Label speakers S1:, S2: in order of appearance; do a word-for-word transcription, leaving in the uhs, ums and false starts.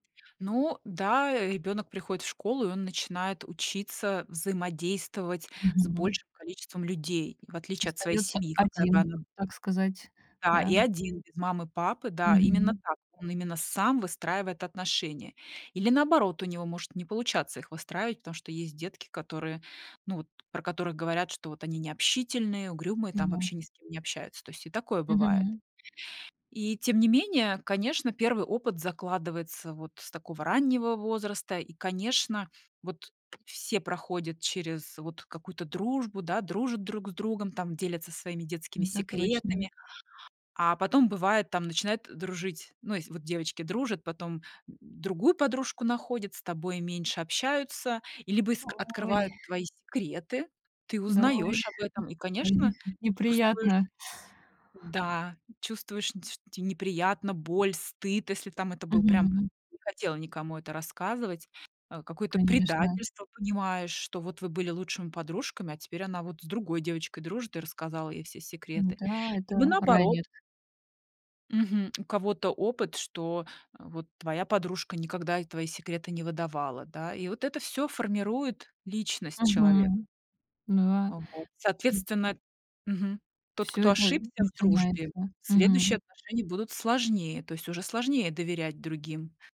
S1: Ну да, э, ребёнок приходит в школу, и он начинает учиться взаимодействовать с
S2: Мгм.
S1: большим количеством людей, в отличие от своей
S2: Остаётся
S1: семьи, какая бы
S2: один,
S1: она
S2: так сказать,
S1: Да,
S2: да,
S1: и
S2: м?
S1: один, без мамы, папы, да, именно
S2: Мгм.
S1: так, он именно сам выстраивает отношения. Или наоборот, у него может не получаться их выстраивать, потому что есть детки, которые, ну, вот про которых говорят, что вот они необщительные, угрюмые,
S2: Ну
S1: там,
S2: да.
S1: вообще ни с кем не общаются. То есть и такое бывает.
S2: Мгм.
S1: И тем не менее, конечно, первый опыт закладывается вот с такого раннего возраста, и, конечно, вот все проходят через вот какую-то дружбу, да, дружат друг с другом, там, делятся своими детскими
S2: Это точно.
S1: секретами, а потом бывает, там начинают дружить. Ну, ес вот девочки дружат, потом, м, другую подружку находят, с тобой меньше общаются, и либо иск
S2: Ой!
S1: открывают твои секреты. Ты
S2: Д ой,
S1: узнаёшь об этом и,
S2: какая
S1: конечно,
S2: неп
S1: чувствуешь
S2: неприятно.
S1: м-да, чувствуешь, нь те что те неприятно, боль, стыд, если там. Это был прям
S2: Мгм.
S1: не хотела никому это рассказывать. А, какое-то
S2: Конечно.
S1: предательство понимаешь, что вот вы были лучшими подружками, а теперь она вот с другой девочкой дружит и рассказала ей все секреты.
S2: М-да, это
S1: Либо наоборот.
S2: ранит.
S1: Мгм, у кого-то опыт, что, э, вот твоя подружка никогда и твои секреты не выдавала, да, и вот это всё формирует личность человека.
S2: Мгм. Ну, ва
S1: А вот.
S2: ту
S1: Соответственно мгм, тот,
S2: Всё
S1: кто
S2: это
S1: ошибся в дружбе,
S2: начинается.
S1: следующие
S2: Мгм.
S1: отношения будут сложнее, то есть уже сложнее доверять другим.